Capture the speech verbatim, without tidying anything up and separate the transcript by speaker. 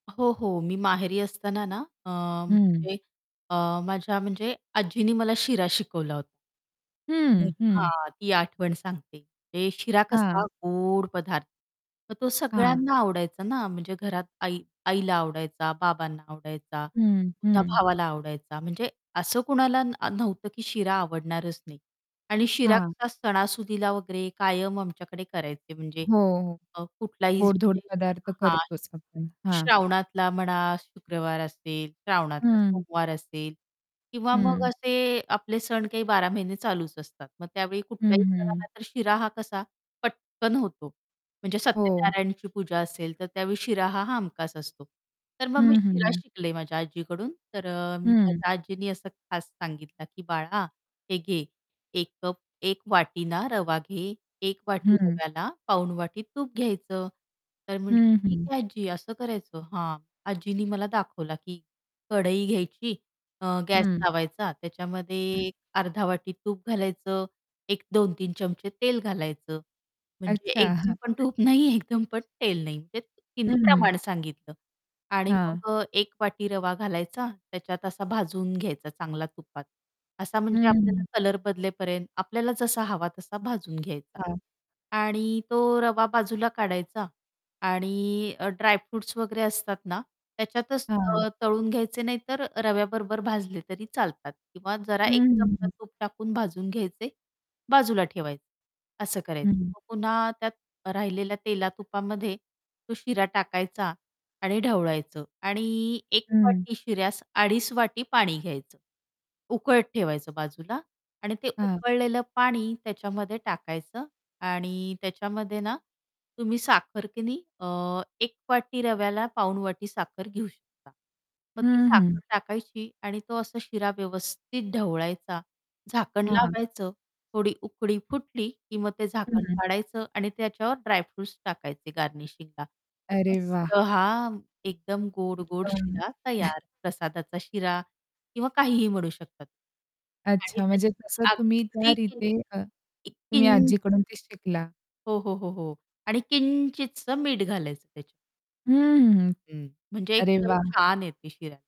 Speaker 1: हो, हो. मी माहेरी असताना ना अ,
Speaker 2: हं.
Speaker 1: म्हणजे अ, माझ्या म्हणजे आजीनी मला शिरा शिकवला होता.
Speaker 2: हं, हं.
Speaker 1: हां. ती आठवण सांगते. ते शिरा
Speaker 2: हां.
Speaker 1: कसा गोड पदार्थ, तर तो
Speaker 2: हां.
Speaker 1: सगळ्यांना आवडायचा ना. म्हणजे घरात आई आईला आवडायचा, बाबांना आवडायचा,
Speaker 2: हं,
Speaker 1: पुन्हा
Speaker 2: हं.
Speaker 1: भावाला आवडायचा. म्हणजे असं कुणाला न नव्हतं की शिरा आवडणारच नाही आणि शिरा
Speaker 2: हां.
Speaker 1: कसा सणासुदीला वगैरे कायम आमच्याकडे करायचे म्हणजे
Speaker 2: हो, हो.
Speaker 1: अ, कुठलाही
Speaker 2: गोडधोड
Speaker 1: म्हणजे
Speaker 2: पदार्थ
Speaker 1: हां,
Speaker 2: करतोच आपण. हां.
Speaker 1: श्रावणातला म्हणा, शुक्रवार असेल, श्रावणातला
Speaker 2: हं.
Speaker 1: सोमवार असेल किंवा मग
Speaker 2: हं.
Speaker 1: असे आपले सण काही बारा महिने चालूच असतात. मग त्यावेळी
Speaker 2: हं,
Speaker 1: कुठल्याही
Speaker 2: हं.
Speaker 1: सणाला तर शिरा हा कसा पटकन होतो. म्हणजे
Speaker 2: हो.
Speaker 1: सत्यनारायणाची पूजा असेल तर त्यावेळी शिरा हा हमखास असतो. तर मग मी
Speaker 2: हं,
Speaker 1: शिरा
Speaker 2: हं.
Speaker 1: शिकले माझ्या आजीकडून. तर अ,
Speaker 2: हं.
Speaker 1: माझ्या आजीनी असं खास सांगितलं की, "बाळा, हे घे एक कप एक वाटी ना रवा घे, एक वाटी
Speaker 2: हं.
Speaker 1: रव्याला पाऊण वाटी तूप घ्यायचं." तर म्हटलं,
Speaker 2: हं,
Speaker 1: "ठीक
Speaker 2: हं.
Speaker 1: आहे, आज्जी." असं करायचं हां. आजींनी मला दाखवला की कढई घ्यायची अ, गॅस
Speaker 2: हं.
Speaker 1: लावायचा त्याच्यामध्ये
Speaker 2: हं.
Speaker 1: एक अर्धा वाटी तूप घालायचं, एक दोन तीन चमचे तेल घालायचं, म्हणजे
Speaker 2: अच्छा.
Speaker 1: एकदम
Speaker 2: हां.
Speaker 1: पण तूप नाही एकदम पण तेल नाही म्हणजे तिने
Speaker 2: हं.
Speaker 1: प्रमाण सांगितलं. आणि
Speaker 2: हां.
Speaker 1: मग अ, एक वाटी रवा घालायचा त्याच्यात असा भाजून घ्यायचा चांगला तुपात, असा म्हणजे आपल्याला
Speaker 2: हं.
Speaker 1: कलर बदलेपर्यंत आपल्याला जसा हवा तसा भाजून घ्यायचा
Speaker 2: हां.
Speaker 1: आणि तो रवा बाजूला काढायचा आणि अ, ड्रायफ्रुट्स वगैरे असतात ना, त्याच्यातच
Speaker 2: हां.
Speaker 1: अ, तळून घ्यायचे नाहीतर रव्याबरोबर भाजले तरी चालतात किंवा जरा
Speaker 2: हं,
Speaker 1: एक
Speaker 2: हं,
Speaker 1: चमचा
Speaker 2: हं.
Speaker 1: तूप टाकून भाजून घ्यायचे, बाजूला ठेवायचे असं करायचं.
Speaker 2: हं.
Speaker 1: मग पुन्हा त्यात राहिलेल्या तेला-तुपामध्ये तो शिरा टाकायचा आणि ढवळायचं आणि एक
Speaker 2: हं.
Speaker 1: वाटी शिऱ्यास अडीच वाटी पाणी घ्यायचं उकळत ठेवायचं बाजूला आणि ते
Speaker 2: हां.
Speaker 1: उकळलेलं पाणी त्याच्यामध्ये टाकायचं आणि त्याच्यामध्ये ना, तुम्ही साखर की नाही अ, एक वाटी रव्याला पाऊण वाटी साखर घेऊ शकता. मग ती
Speaker 2: हं,
Speaker 1: साखर
Speaker 2: हं.
Speaker 1: टाकायची आणि तो असा शिरा व्यवस्थित ढवळायचा झाकण
Speaker 2: हां.
Speaker 1: लावायचं, थोडी उकळी फुटली की मग ते झाकण
Speaker 2: हं.
Speaker 1: काढायचं आणि त्याच्यावर ड्रायफ्रुट्स टाकायचे गार्निशिंगला. तर
Speaker 2: अरे वाह!
Speaker 1: मस्त हां, एकदम गोड-गोड शिरा
Speaker 2: [unintelligible]
Speaker 1: तयार, प्रसादाचा शिरा किंवा काहीही म्हणू शकतात. आणि
Speaker 2: अच्छा. म्हणजे तसं
Speaker 1: त्याच्यात
Speaker 2: तुम्ही त्या
Speaker 1: अगदी
Speaker 2: रीती अ,
Speaker 1: किंचित
Speaker 2: तुम्ही
Speaker 1: किं
Speaker 2: आजीकडून ते शिकला.
Speaker 1: हो, हो, हो, हो. आणि किंचितसं मीठ घालायचं त्याच्यात.
Speaker 2: हं, हं, हं.
Speaker 1: हं म्हणजे एक
Speaker 2: अरे,
Speaker 1: चव
Speaker 2: वाह!
Speaker 1: छान येते शिऱ्याला.